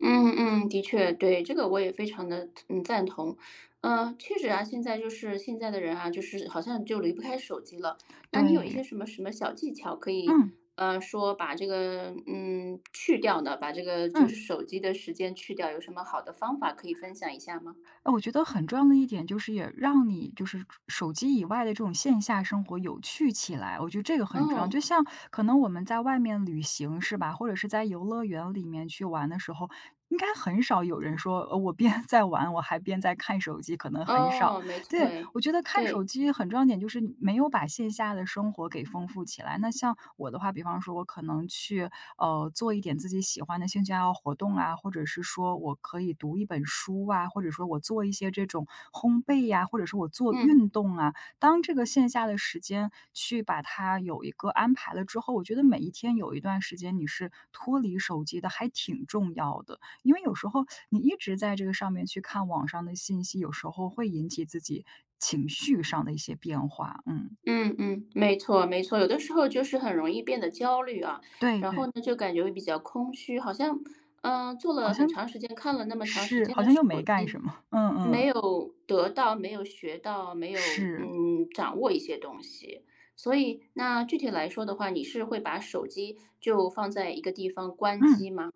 嗯嗯，的确，对。这个我也非常地，嗯，赞同。嗯，确实啊，现在就是现在的人啊，就是好像就离不开手机了。那你有一些对。什么什么小技巧可以，嗯。啊，说把这个嗯，去掉呢，把这个就嗯。是手机的时间去掉，有什么好的方法可以分享一下吗？哦，我觉得很重要的一点就是也让你就是手手机以外的这种线下生活有趣起来，我觉得这个很重要。哦。就像可能我们在外面旅行，是吧？或者是在游乐园里面去玩的时候，应该很少有人说，呃，我边在玩，我还边在看手机，可能很少，哦，没错对。诶，我觉得看对。手机很重要一点就是没有把线下的生活给丰富起来，那像我的话比方说我可能去，呃，做一点自己喜欢的兴趣爱好活动啊，或者是说我可以读一本书啊，或者说我做一些这种烘焙呀，或者说我做运嗯。动啊，当这个线下的时间去把它有一个安排了之后，我觉得每一天有一段时间你是脱离手机的还挺重要的。因为有时候你一直在这个上面去看网上的信息，有时候会引起自己情绪上的一些变化。嗯。嗯嗯，没错没错。有的时候就是很容易变得焦虑啊，对然后对。呢，就感觉会比较空虚，好像，嗯，坐好了很像长时间，看了那么长时是，间好的像又手没干机，什么，嗯没嗯。有得到没有学到没有，是。嗯，掌握一些东西，所以那具体来说的话，你是会把手机就放在一个地方关嗯。机吗？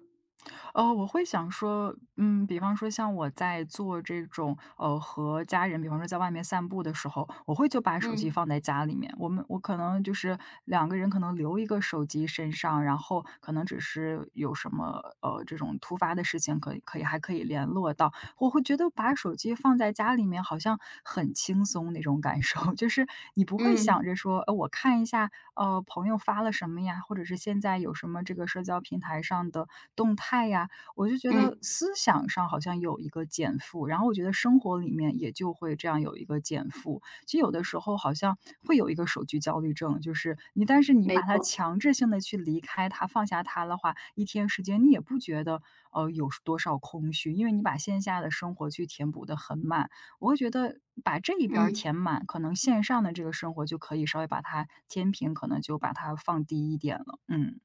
呃，我会想说嗯，比方说像我在做这种，呃，和家人比方说在外面散步的时候，我会就把手机嗯。放在家里面。我们我可能就是两个人可能留一个手机身上，然后可能只是有什么，呃，这种突发的事情，可以可以还可以联络到。或我会觉得把手机放在家里面好像很轻松那种感受，就是你不会想嗯。着说，呃，我看一下，呃，朋友发了什么呀，或者是现在有什么这个社交平台上的动态呀。我就觉得嗯。思想上好像有一个减负，然后我觉得生活里面也就会这样有一个减负。其实有的时候好像会有一个手机焦虑症，就是你但是你没把它错。强制性地去离开它，放下它的话，一天时间，你也不觉得，呃，有多少空虚，因为你把线下的生活去填补得很满。我会觉得把这一边儿嗯。填满，可能线上的这个生活就可以稍微把它天平可能就把它放低一点了，嗯。